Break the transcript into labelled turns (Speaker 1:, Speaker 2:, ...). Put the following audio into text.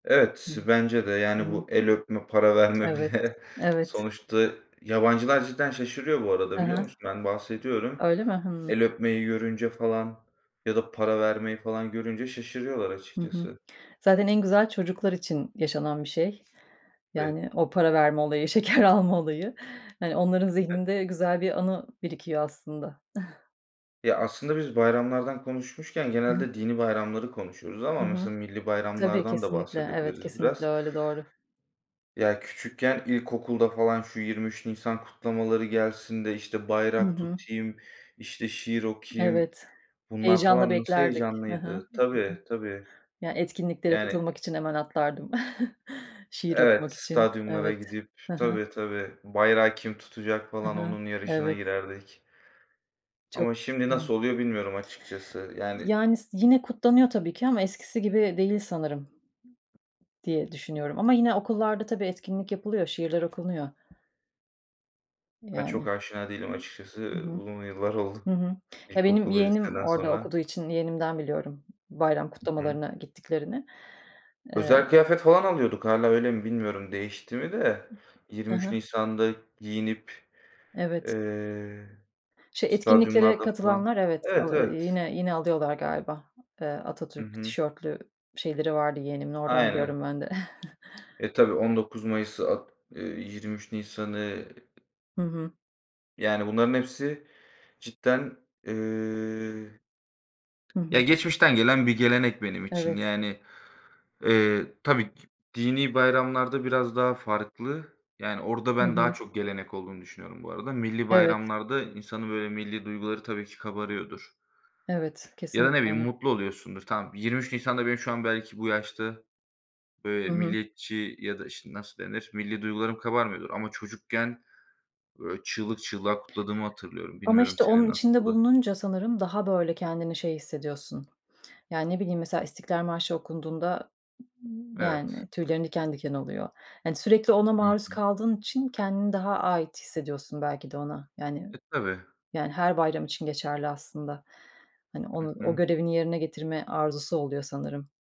Speaker 1: Hıı,
Speaker 2: Evet, bence de.
Speaker 1: hı
Speaker 2: Yani,
Speaker 1: hı.
Speaker 2: bu el öpme, para verme
Speaker 1: Evet,
Speaker 2: bile
Speaker 1: evet.
Speaker 2: sonuçta Yabancılar cidden şaşırıyor bu arada
Speaker 1: Hı
Speaker 2: biliyor
Speaker 1: hı.
Speaker 2: musun? Ben bahsediyorum.
Speaker 1: Öyle mi? Hımm.
Speaker 2: El öpmeyi görünce falan ya da para vermeyi falan görünce şaşırıyorlar
Speaker 1: Hı hı.
Speaker 2: açıkçası.
Speaker 1: Zaten en güzel çocuklar için yaşanan bir şey.
Speaker 2: Vi
Speaker 1: Yani, o para verme olayı, şeker alma olayı. Hani, onların
Speaker 2: Evet.
Speaker 1: zihninde güzel bir anı birikiyor aslında.
Speaker 2: Ya, aslında biz bayramlardan konuşmuşken
Speaker 1: Hı hı.
Speaker 2: genelde dinî bayramları konuşuyoruz ama
Speaker 1: Hı hı.
Speaker 2: mesela millî
Speaker 1: Tabii,
Speaker 2: bayramlardan da
Speaker 1: kesinlikle. Evet,
Speaker 2: bahsedebiliriz
Speaker 1: kesinlikle
Speaker 2: biraz.
Speaker 1: öyle. Doğru.
Speaker 2: Ya, küçükken ilkokulda falan, "Şu 23 Nisan kutlamaları gelsin de, işte,
Speaker 1: Hı
Speaker 2: bayrak
Speaker 1: hı.
Speaker 2: tutayım, işte, şiir okuyayım."
Speaker 1: Evet.
Speaker 2: Βunlar
Speaker 1: Heyecanla
Speaker 2: falan nasıl
Speaker 1: beklerdik. Hı hı.
Speaker 2: heyecanlıydı. Tabii,
Speaker 1: [unintelligible]
Speaker 2: tabii.
Speaker 1: Yani, etkinliklere
Speaker 2: Yani
Speaker 1: katılmak için hemen atlardım. Şiir
Speaker 2: Evet,
Speaker 1: okumak için.
Speaker 2: stadyumlara
Speaker 1: Evet.
Speaker 2: gidip
Speaker 1: Hı hı.
Speaker 2: Tabii, tabii, "Bayrağı kim tutacak?"
Speaker 1: Hı
Speaker 2: falan
Speaker 1: hı.
Speaker 2: onun yarışına
Speaker 1: Evet.
Speaker 2: girerdik.
Speaker 1: Çok.
Speaker 2: Ama şimdi
Speaker 1: Hıı.
Speaker 2: nasıl oluyor bilmiyorum açıkçası. Yani
Speaker 1: Yani s yine kutlanıyor tabii ki ama eskisi gibi değil sanırım diye düşünüyorum ama yine okullarda tabii etkinlik yapılıyor, şiirler okunuyor.
Speaker 2: Ben çok
Speaker 1: Yani.
Speaker 2: aşina değilim açıkçası.
Speaker 1: Hı
Speaker 2: Iıı,
Speaker 1: hı.
Speaker 2: uzun yıllar oldu
Speaker 1: Hı hı. Ya, benim
Speaker 2: ilkokul ve
Speaker 1: yeğenim
Speaker 2: liseden
Speaker 1: orada
Speaker 2: sonra.
Speaker 1: okuduğu için yeğenimden biliyorum bayram
Speaker 2: Hı hı.
Speaker 1: kutlamalarına gittiklerini. Eee
Speaker 2: Özel kıyafet falan alıyorduk, Hâlâ öyle mi, bilmiyorum, değişti mi de.
Speaker 1: Hı
Speaker 2: 23
Speaker 1: hı.
Speaker 2: Nisan'da giyinip,
Speaker 1: Evet.
Speaker 2: eee,
Speaker 1: Şey, etkinliklere
Speaker 2: stadyumlarda falan.
Speaker 1: katılanlar evet,
Speaker 2: Evet,
Speaker 1: al eee,
Speaker 2: evet.
Speaker 1: yine yine alıyorlar galiba, eee,
Speaker 2: Hı
Speaker 1: Atatürk
Speaker 2: hı.
Speaker 1: tişörtlü şeyleri vardı yeğenimin. Oradan
Speaker 2: Aynen.
Speaker 1: biliyorum ben de.
Speaker 2: E, tabii 19 Mayıs At eee, 23 Nisan'ı
Speaker 1: Hı hı.
Speaker 2: Yani, bunların hepsi cidden eee
Speaker 1: Hı
Speaker 2: Ya,
Speaker 1: hı.
Speaker 2: geçmişten gelen bir gelenek benim için.
Speaker 1: Evet.
Speaker 2: Yani, eee, tabii ki dinî bayramlarda biraz daha farklı. Yani orada
Speaker 1: Hı
Speaker 2: ben daha
Speaker 1: hı.
Speaker 2: çok gelenek olduğunu düşünüyorum bu arada. Millî
Speaker 1: Evet.
Speaker 2: bayramlarda insanın, böyle, millî duyguları tabii ki kabarıyordur.
Speaker 1: Evet,
Speaker 2: Ya da,
Speaker 1: kesinlikle
Speaker 2: ne bileyim,
Speaker 1: öyle.
Speaker 2: mutlu oluyorsundur. Tamam, 23 Nisan'da benim şu an belki bu yaşta, böyle,
Speaker 1: Hı hı.
Speaker 2: milliyetçi Ya da, işte, nasıl denir? Millî duygularım kabarmıyordur ama çocukken, böyle, çığlık çığlığa kutladığımı hatırlıyorum.
Speaker 1: Ama,
Speaker 2: Bilmiyorum
Speaker 1: işte,
Speaker 2: senin
Speaker 1: onun içinde
Speaker 2: nasıldı?
Speaker 1: bulununca sanırım daha, böyle, kendini şey hissediyorsun: Ya, ne bileyim, mesela İstiklal Marşı okunduğunda,
Speaker 2: Evet.
Speaker 1: yani, tüylerin diken diken oluyor. Hani, sürekli ona
Speaker 2: Hı
Speaker 1: maruz
Speaker 2: hı.
Speaker 1: kaldığın için kendini daha ait hissediyorsun belki de ona. Yani
Speaker 2: E, tabii.
Speaker 1: yani, her bayram için geçerli aslında. Hani,
Speaker 2: Hı
Speaker 1: onu o
Speaker 2: hı.
Speaker 1: görevini yerine getirme arzusu oluyor sanırım.